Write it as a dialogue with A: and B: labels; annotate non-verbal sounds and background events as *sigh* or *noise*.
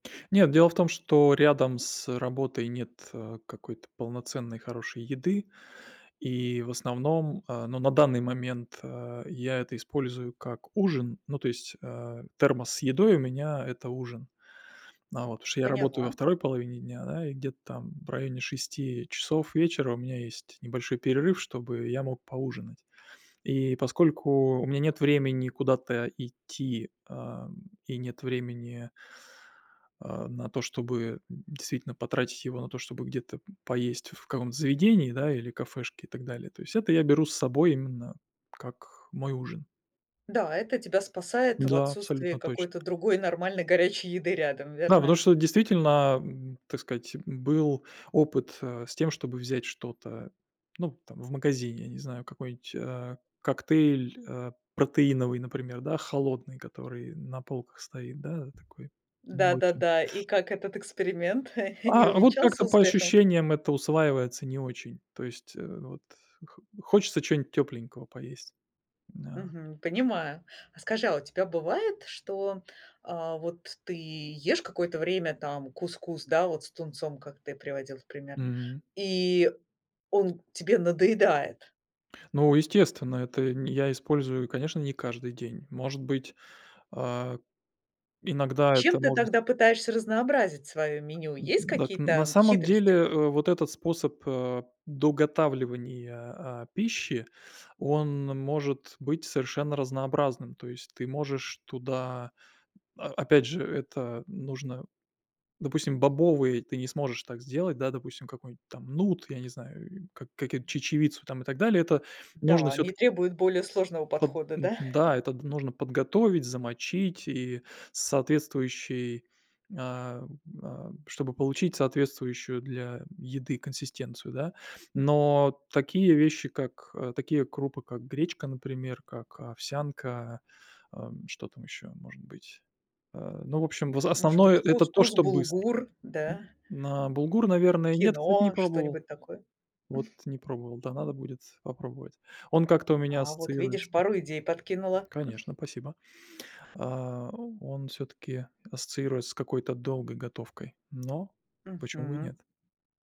A: Нет, дело в том, что рядом с, э, работой нет, э, какой-то полноценной хорошей еды. И в основном, а, ну, на данный момент, э, я это использую как ужин. Ну, то есть, э, термос с едой у меня- это ужин. А вот, потому что я работаю во
B: Поняла.
A: 2 половине дня, да, и где-то там в районе 6 часов вечера у меня есть небольшой перерыв, чтобы я мог поужинать. И поскольку у меня нет времени куда-то идти, ам, и нет времени а, на то, чтобы действительно потратить его на то, чтобы где-то поесть в каком-то заведении, да, или кафешке и так далее. То есть это я беру с собой именно как мой ужин.
B: Да, это тебя спасает в
A: Да,
B: отсутствии
A: абсолютно точно.
B: какой-то другой нормальной горячей еды рядом,
A: Да, потому
B: верно?
A: что вот действительно, м, так сказать, был опыт, э, с тем, чтобы взять что-то, ну, там, в магазине, я не знаю, какой-нибудь, э, коктейль, э, протеиновый, например, да, холодный, который на полках стоит, да, такой молочный.
B: Да-да-да. И как этот эксперимент, *chuckles* не
A: А, а вот как-то
B: увенчался
A: по
B: успехом?
A: ощущениям это усваивается не очень, то есть, э, вот хо хочется чего-нибудь тёпленького поесть. На.
B: Мгм. Понимаю. А скажи, а у тебя бывает, что, а вот ты ешь какое-то время, там, кускус, да, вот с тунцом, как ты приводил в пример,
A: М.
B: и он тебе надоедает?
A: Ну, естественно, это нь я использую, конечно, не каждый день. Может быть, а, иногда это
B: Чем ты
A: может
B: тогда пытаешься разнообразить свое меню?
A: М, м,
B: Есть
A: дак на
B: какие-то
A: самом деле,
B: хитрости?
A: э, вот этот способ, э, доготавливания, а, пищи, он может быть совершенно разнообразным. То есть ты можешь туда о опять же, это нужно, допустим, бобовые ты не сможешь так сделать, да, допустим, какой-нибудь там нут, я не знаю, э, как какую-то, чечевицу там и так далее. Это нужно
B: Да, они
A: всё-таки
B: требуют более сложного
A: Под
B: подхода,
A: м,
B: да? *chuckles*
A: да, это нужно подготовить, замочить и соответствующий, ам, а, чтобы получить соответствующую для еды консистенцию, да. Но такие вещи, как, э, такие крупы, как гречка, например, как овсянка, ам, что там ещё может быть? А, ну, в общем, в за
B: Может
A: основное
B: быть,
A: это то,
B: кускус,
A: что быстро.
B: булгур, да?
A: На булгур, наверное, нет, кстати, не
B: Киноа,
A: пробовал.
B: что-нибудь такое.
A: Вот
B: *chuckles*
A: не пробовал, да, надо будет попробовать. Он как-то у меня
B: А вот видишь,
A: ассоциируется
B: пару идей подкинула. *chuckles*
A: Конечно, спасибо. А он всё-таки ассоциируется с какой-то долгой готовкой, но почему бы и
B: Мгм.
A: нет.